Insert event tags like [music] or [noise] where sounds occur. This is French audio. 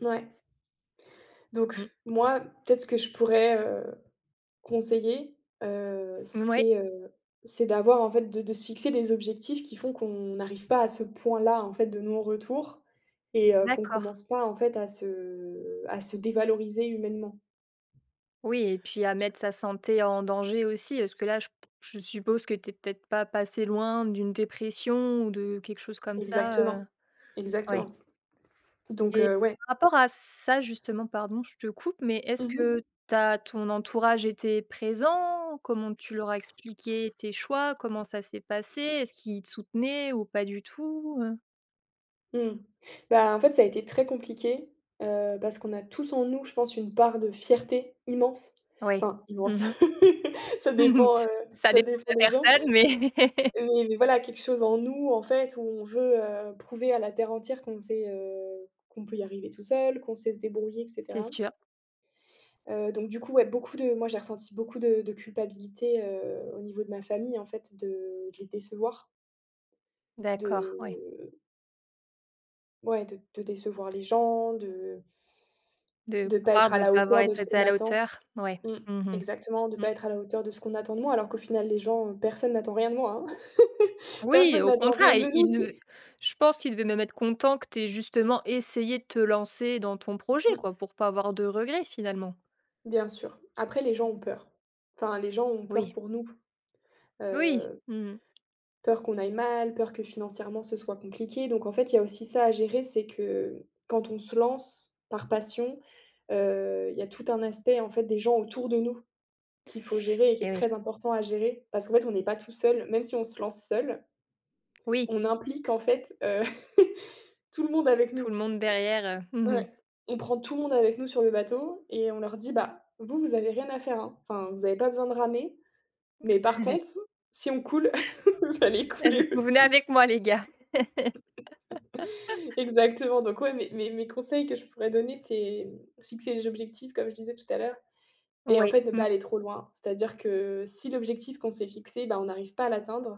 Mouais. Mmh. Donc moi, peut-être ce que je pourrais, heu, conseiller, heu, Mouais. c'est, heu, c'est d'avoir, en fait, de de se fixer des objectifs qui font qu'on n'arrive pas à ce point-là, en fait, de non-retour et heu, qu'on D'accord. commence pas, en fait, à se à se dévaloriser humainement. Oui, et puis à mettre sa santé en danger, aussi. Est-ce que là, je je suppose que tu es peut-être pas passée loin d'une dépression, ou de quelque chose comme ça, Exactement, heu ouais. exactement donc Et heu, ouais rapport à ça, justement, pardon, je te coupe, mais Mmh est-ce mh. que tu as ton entourage était présent? Comment tu leur as expliqué tes choix? Comment ça s'est passé? Est-ce qu'ils soutenaient, ou pas du tout, heu Mmh. Bah, en fait, ça a été très compliqué, heu, parce qu'on a tous en nous, je pense, une part de fierté immense. Ouais. Enfin immense, Mmh mh. [chuckles] ça Mmh mh. dépend, heu, Ça ça dépend de dépend des la gens personne, mais [chuckles] mais voilà, quelque chose en nous, en fait, où on veut, heu, prouver à la terre entière qu'on sait, heu, qu'on peut y arriver tout seul, qu'on sait se débrouiller et C'est cetera. sûr. Heu, donc du coup, ouais, beaucoup de moi j'ai ressenti beaucoup de de culpabilité, heu, au niveau de ma famille, en fait, de de les décevoir. D'accord, ouais. De Ouais, de de décevoir les gens, de De de pas croire être à de la pas avoir hauteur de ce était qu'on à la attend. hauteur, ouais. Mmh. Mmh mh. Exactement, de Mmh. pas être à la hauteur de ce qu'on attend de moi, alors qu'au final, les gens, personne n'attend rien de moi, hein. [chuckles] Oui, et Personne au n'attend rien contraire, de ils nous, ils ne c'est je pense qu'ils devaient même être contents que tu aies justement essayé de te lancer dans ton projet Mmh. quoi, pour pas avoir de regrets, finalement. Bien sûr. Après les gens ont peur. Enfin, les gens ont peur Oui. pour nous. Oui. Heu Mmh mh. peur qu'on aille mal, peur que financièrement, ce soit compliqué, donc en fait, il y a aussi ça à gérer. C'est que quand on se lance, par passion, heu, il y a tout un aspect, en fait, des gens autour de nous, qu'il faut gérer et qui Eh est oui. très important à gérer, parce qu'en fait, on n'est pas tout seul, même si on se lance seul Oui. on implique en fait, heu, [chuckles] tout le monde avec nous. Tout le monde derrière, heu, mmh mh. Ouais, on prend tout le monde avec nous sur le bateau et on leur dit: «Bah, vous, vous avez rien à faire hein, enfin, vous avez pas besoin de ramer, mais par [chuckles] contre si on coule, [chuckles] vous allez Allez, couler vous venez aussi.» avec moi les gars. [chuckles] [chuckles] Exactement, donc ouais, mes mes mes conseils que je pourrais donner, c'est fixer les objectifs, comme je disais tout à l'heure, et en Oui. fait, ne pas Mmh. aller trop loin. C'est-à-dire que si l'objectif qu'on s'est fixé, ben, on n'arrive pas à l'atteindre